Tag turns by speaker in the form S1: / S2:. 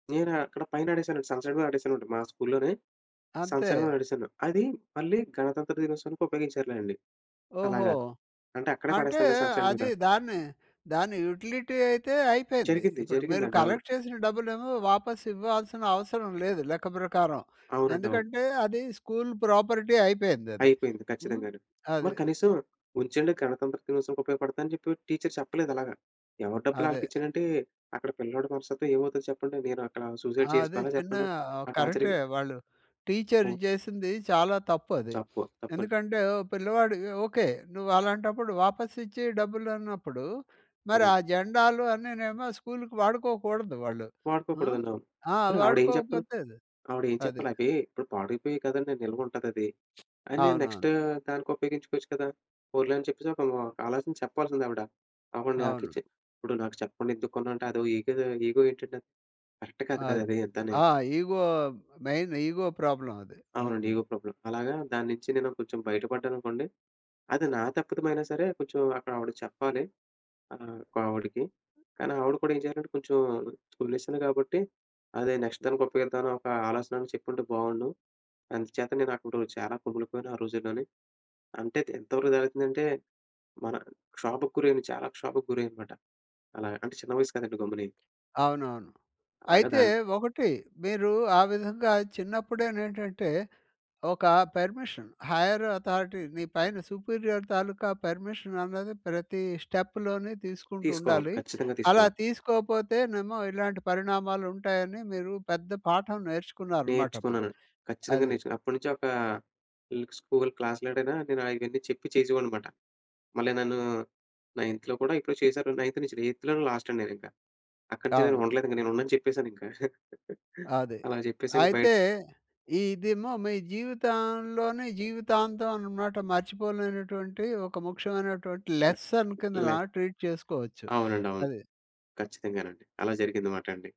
S1: నేనా అక్కడ పైన అడేశానండి. సన్‌సైడ్ మీద అడేశానండి మా స్కూల్‌లోనే
S2: అంతే.
S1: సన్‌సైడ్ మీద అడేసాను. అది మళ్ళీ గణతంత్ర దినోత్సవానికి ఉపయోగించారులెండి
S2: ఓహో!
S1: అలాగా. అంటే అక్కడే
S2: అంటే
S1: పడేస్తాం కదా! సన్‌సైడ్ మీద.
S2: అది దాన్ని దాని యుటిలిటీ అయితే అయిపోయింది.
S1: జరిగిద్ది.
S2: ఇప్పుడు మీరు
S1: జరిగిందండి. అవును.
S2: కలెక్ట్ చేసిన డబ్బులేమో వాపస్ ఇవ్వాల్సిన అవసరం లేదు లెక్క ప్రకారం.
S1: అవునండి. అవును.
S2: ఎందుకంటే అది స్కూల్ ప్రాపర్టీ అయిపోయిందది,
S1: అయిపోయింది.
S2: హ్మ్.
S1: ఖచ్చితంగాను.
S2: అది.
S1: మరి కనీసం ఉంచండి గణతంత్ర దినోత్సవనికి ఉపయోగపడతాయని చెప్పి టీచర్ చెప్పలేదలాగా. ఎవరి డబ్బులు
S2: అదే.
S1: ఆళ్ళకిచ్చేయాలంటే అక్కడ పిల్లోడి మనస్తత్వం ఏమవుద్దో చెప్పండి? నేను అక్కడ సూసైడ్
S2: అదే.
S1: చేసుకోవాలా
S2: చిన్న
S1: చెప్పండి
S2: ఆ!
S1: ఆ
S2: కరెక్టే
S1: టార్చర్‌కి?
S2: వాళ్ళు టీచర్ జేసింది చాలా తప్పది.
S1: తప్పు. తప్పన్
S2: ఎందుకంటే పిల్లవాడు ఓకే. నువ్వలాంటప్పుడు వాపసిచ్చి డబ్బులన్నప్పుడు మరి
S1: అవునండి.
S2: ఆ జెండాలు అన్నీనేమో స్కూల్‌కి వాడుకోకూడదు వాళ్ళు. ఆ!
S1: వాడుకోకూడదండి అవును.
S2: ఆ!
S1: పోని ఆవిడ ఏం చెప్పాలి?
S2: వాడుకోకపోతది
S1: ఆవిడ ఏం
S2: అది.
S1: చెప్పాలి? అవీ ఇప్పుడు పాడైపోయాయి కదండి! నిలువుంటదది అని నెక్స్ట్
S2: అవునవును.
S1: దానికి ఉపయోగించుకోవచ్చు కదా? పోన్లే అని చెప్పేసి ఒక్కళ్ళు ఆలోచించి చెప్పాల్సింది ఆవిడ.
S2: అవును.
S1: ఆవిడనకిచ్చి ఇప్పుడు నాకు చెప్పకుండా ఎందుకు కొన్నావంటే? అదో ఇగో, ఇగో ఏంటండది? కరెక్ట్ కాదు
S2: అది
S1: కదాది అంతాని.
S2: ఆ! ఇగో మెయిన్ ఇగో ప్రాబ్లమ్ అది.
S1: అవునండి.
S2: హ్మ్.
S1: ఇగో ప్రాబ్లం అలాగా దానించి నేను కొంచెం బయటపడ్డాననుకోండి. అది నా తప్పితమయినా సరే కొంచెం అక్కడావిడ చెప్పాలి. ఆ! ఇంకో ఆవిడకి కానీ ఆవిడ కూడా ఏం చేయాలంటే కొంచెం స్కూల్ విషయం కాబట్టి అదే నెక్స్ట్ దానికి ఉప్పయోగిద్దామని ఒక ఆలోచనైనా చెప్పుంటే బావుండు. అందుచేత నేనక్కడు చాలా కుములిపోయాను ఆ రోజుల్లోనీ! అంటే తే ఎంతవరకు జరుగుతుందంటే మన క్షోభకురైన చాలా క్షోభకు గురయ్యానమాట! అలాగ అంటే చిన్న వయస్సు కదండీ గమ్ముని!
S2: అవునవును.
S1: అలాగా
S2: అయితే
S1: దాన్
S2: ఒకటి మీరు ఆ విధంగా చిన్నప్పుడేనేంటంటే ఒక పర్మిషన్. హైర్ అథారిటీ నీ పైన సుపీరియర్ తాలూకా పర్మిషన్ అన్నది ప్రతి స్టెప్‌లోని
S1: తీసుకోవాలి.
S2: తీసుకుంటుండాలి.
S1: ఖచ్చితంగా
S2: అలా
S1: తీసుకోవాలి.
S2: తీసుకోకపోతేనేమో ఇలాంటి పరిణామాలుంటాయని మీరు పెద్ద పాఠం నేర్చుకున్నారనమాటప్పుడు.
S1: నేర్చుకున్నాను. ఖచ్చితంగా
S2: అది.
S1: నేర్చుకున్నాను. అప్పటినుంచి ఒక ఇల్ స్కూల్ క్లాస్‌లోడనైనా నేను ఆయన్నీ చెప్పి చేసేవాడినన్నమాట. మళ్ళీ నన్ను నైన్త్‌లో కూడా ఇప్పుడు చేసారు. 9త్ నుంచి ఎయిత్‌లోనే లాస్ట్ అండి నేనింకా. అక్కడినుంచి నేను
S2: అవును.
S1: ఉండలేదు. ఇంగా నేను ఉండనని చెప్పేసాను ఇంకా
S2: అది.
S1: అలాగ చెప్పేసాక బయ
S2: అయితే ఇదేమో మీ జీవితంలోని జీవితాంతం అన్నమాట మర్చిపోలేనటువంటి ఒక ముఖ్యమైనటువంటి
S1: కట్
S2: లెసన్ కిందన
S1: లై
S2: ట్రీట్ చేసుకోవచ్చు.
S1: అవునండి అవును.
S2: అది.
S1: ఖచ్చితంగానండి. అలా జరిగిందనమాటండి.